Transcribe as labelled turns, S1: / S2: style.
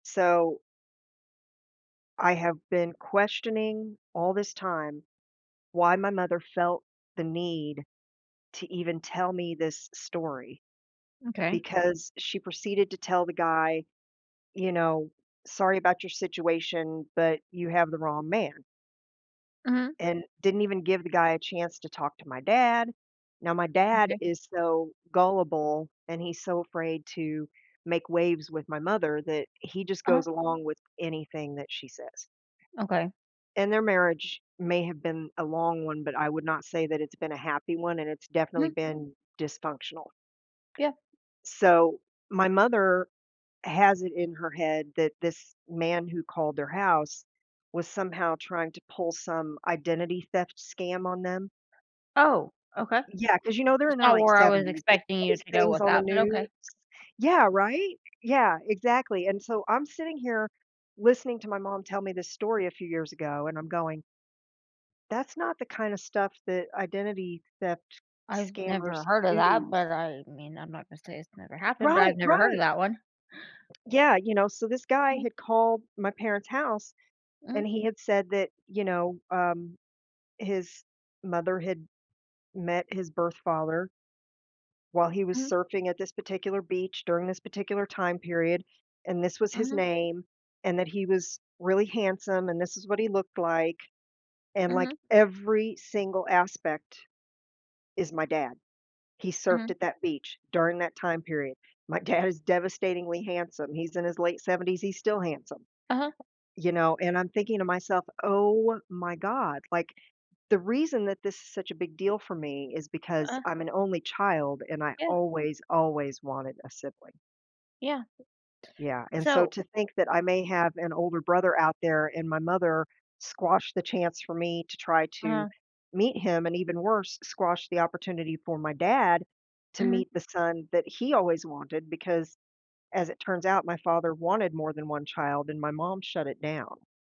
S1: So I have been questioning all this time why my mother felt the need to even tell me this story,
S2: M'kay.
S1: because she proceeded to tell the guy, you know, "Sorry about your situation, but you have the wrong man"
S2: Mhm.
S1: and didn't even give the guy a chance to talk to my dad. Now, my dad
S2: M'kay.
S1: is so gullible and he's so afraid to make waves with my mother that he just
S2: Uh-huh
S1: goes along with anything that she says.
S2: Okay
S1: And their marriage may have been a long one, but I would not say that it's been a happy one, and it's definitely
S2: Mm.
S1: been dysfunctional.
S2: Yeah.
S1: So, my mother has it in her head that this man who called their house was somehow trying to pull some identity theft scam on them?
S2: Oh, okay.
S1: Yeah, 'cause you know they're in
S2: It's
S1: their
S2: not
S1: late
S2: where I was
S1: 70s. They see
S2: expecting you
S1: these
S2: to go
S1: things
S2: with
S1: on the
S2: that, but
S1: news
S2: okay.
S1: yeah, right? Yeah, exactly. And so I'm sitting here listening to my mom tell me this story a few years ago, and I'm going that's not the kinda stuff that identity theft
S2: I've
S1: scammers
S2: never heard of that,
S1: use.
S2: but, I mean, I'm not gonna say it's never happened, but I've
S1: Right,
S2: never heard of
S1: right!
S2: that one.
S1: Yeah, you know, so this guy
S2: Mhm.
S1: had called my parents' house
S2: Mhm.
S1: and he had said that you know, um, his mother had met his birth father while he was
S2: Mhm.
S1: surfing at this particular beach during this particular time period, and this was his
S2: Mhm.
S1: name, and that he was really handsome, and this is what he looked like, and,
S2: Mhm.
S1: like, every single aspect, is my dad. He surfed
S2: Mhm.
S1: at that beach during that time period, my dad is devastatingly handsome, he's in his late 70s, he's still handsome.
S2: Uh-huh.
S1: You know, and I'm thinking to myself, "Oh my god." Like, the reason that this is such a big deal for me is because
S2: Uh
S1: I'm an only child and I
S2: Yeah.
S1: always, always wanted a sibling.
S2: Yeah.
S1: Yeah, and so
S2: So
S1: to think that I may have an older brother out there, and my mother squash the chance for me to try to
S2: Uh-huh.
S1: meet him, and even worse, squash the opportunity for my dad to
S2: Mhm.
S1: meet the son that he always wanted, because, as it turns out, my father wanted more than 1 child and my mom shut it down.